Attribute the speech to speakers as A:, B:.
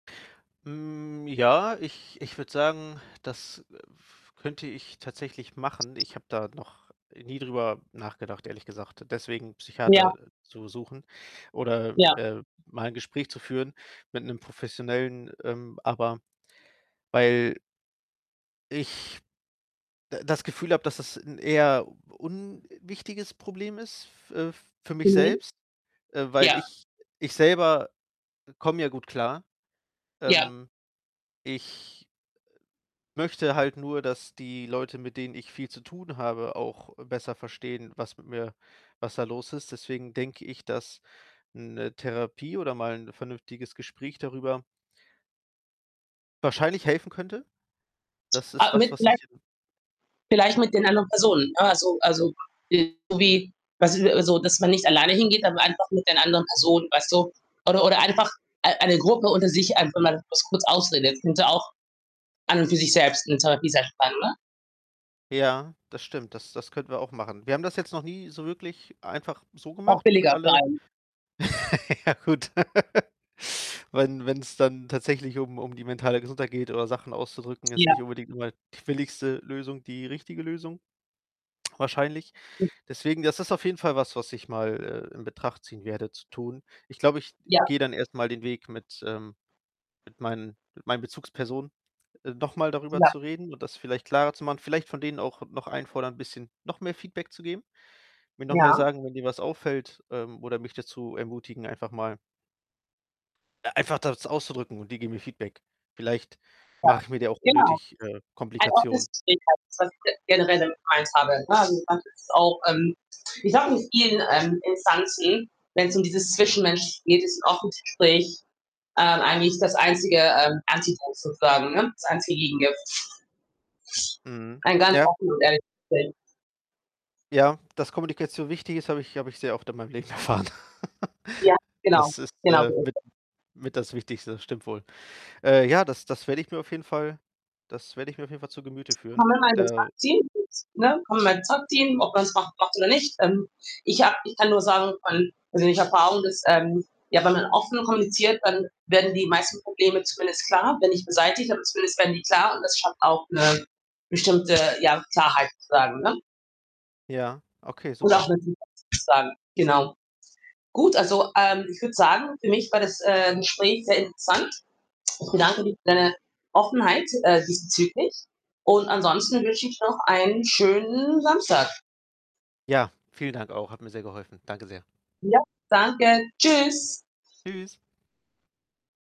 A: Hm, ja, ich ich würde sagen, das, äh, könnte ich tatsächlich machen. Ich habe da noch nie drüber nachgedacht, ehrlich gesagt, deswegen 'nen
B: Ja.
A: Psychiater zu suchen oder,
B: Ja.
A: äh, mal 'n Gespräch zu führen mit 'nem professionellen ähm, aber weil ich d das Gefühl habe, dass das 'n eher unwichtiges Problem ist f äh, für mich
B: Mhm.
A: selbst. Äh, weil
B: Ja.
A: ich ich selber, äh, komme ja gut klar.
B: Ja.
A: Ähm, ich, äh, möchte halt nur, dass die Leute, mit denen ich viel zu tun habe auch besser verstehen, was mit mir was da los ist. Deswegen denke ich, dass 'ne Therapie oder mal 'n vernünftiges Gespräch darüber wahrscheinlich helfen könnte. Das ist
B: Äh,
A: was,
B: mit
A: was
B: vielleicht
A: ich, ähm
B: vielleicht mit den anderen Personen, ne? Also Also, [unintelligible] irgendwie, was ist also, dass man nicht alleine hingeht, aber einfach mit den anderen Personen, weißt du? Oder Oder einfach ei eine Gruppe unter sich, einfach mal das kurz ausredet. Könnte auch an und für sich selbst 'ne Therapie sein, [unintelligible] oder?
A: Ja, das stimmt. Das Das könnten wir auch machen. Wir haben das jetzt noch nie so wirklich einfach so
B: Auch
A: gemacht mit
B: billiger für
A: alle
B: einen.
A: ja gut, wenn wenn's dann tatsächlich um um die mentale Gesundheit geht oder Sachen auszudrücken, ist nicht
B: Ja.
A: unbedingt immer die billigste Lösung, die richtige Lösung wahrscheinlich.
B: [unintelligible]
A: Deswegen, das ist auf jeden Fall was, was ich mal, äh, in Betracht ziehen werde zu tun. Ich glaube, ich
B: Ja.
A: gehe dann erstmal den Weg mit, ähm mit meinen mit meinen Bezugspersonen, äh, nochmal darüber
B: Ja.
A: zu reden und das vielleicht klarer zu machen, vielleicht von denen auch noch einfordern, bisschen noch mehr Feedback zu geben, mir noch mehr
B: Ja.
A: sagen: „Wenn dir was auffällt” ähm, oder mich dazu ermutigen, einfach mal äh, einfach das auszudrücken und die geben mir Feedback. Vielleicht
B: Ja,
A: mache ich mir da auch
B: genau.
A: unnötig, äh,
B: Ein offenes
A: Komplikationen.
B: Gespräch halt [unintelligible] generell [unintelligible] habe, ne? Also, das ist auch, ähm, ich habe nicht viel, ähm, Instanzen, wenn's um dieses Zwischenmenschliche geht, ist 'n offenes Gespräch, ähm, eigentlich das einzige, ähm, [unintelligible] sozusagen, ne? Das einzige Gegengift.
A: Mhm.
B: Ein ganz
A: Ja.
B: offen und ehrliches Gespräch.
A: Ja, dass Kommunikation wichtig ist, habe ich habe ich sehr oft in meinem Leben erfahren.
B: Ja, genau.
A: Das ist,
B: Genau
A: äh,
B: so ist
A: mit
B: es.
A: mit das Wichtigste, stimmt wohl. Äh, ja, das das werde ich mir auf jeden Fall das werde ich mir auf jeden Fall zu Gemüte führen. Der
B: [unintelligible] Team. Ne, komm in mein [unintelligible] ob man's macht macht oder nicht. Ähm, ich habe ich kann nur sagen, von persönlicher Erfahrung, dass, ähm, ja wenn man offen kommuniziert, dann werden die meisten Probleme zumindest klar, wenn nicht beseitigt, aber zumindest werden die klar und das schafft auch 'ne bestimmte ja, Klarheit sozusagen, ne?
A: Ja, okay,
B: Und
A: super.
B: auch [unintelligible] sozusagen, genau. Gut, also, ähm, ich würde sagen, für mich war das, äh, Gespräch sehr interessant. Ich bedanke für deine Offenheit, äh, diesbezüglich und ansonsten wünsche ich noch einen schönen Samstag.
A: Ja, vielen Dank auch, hat mir sehr geholfen. Danke sehr.
B: Ja, danke. Tschüss.
A: Tschüss.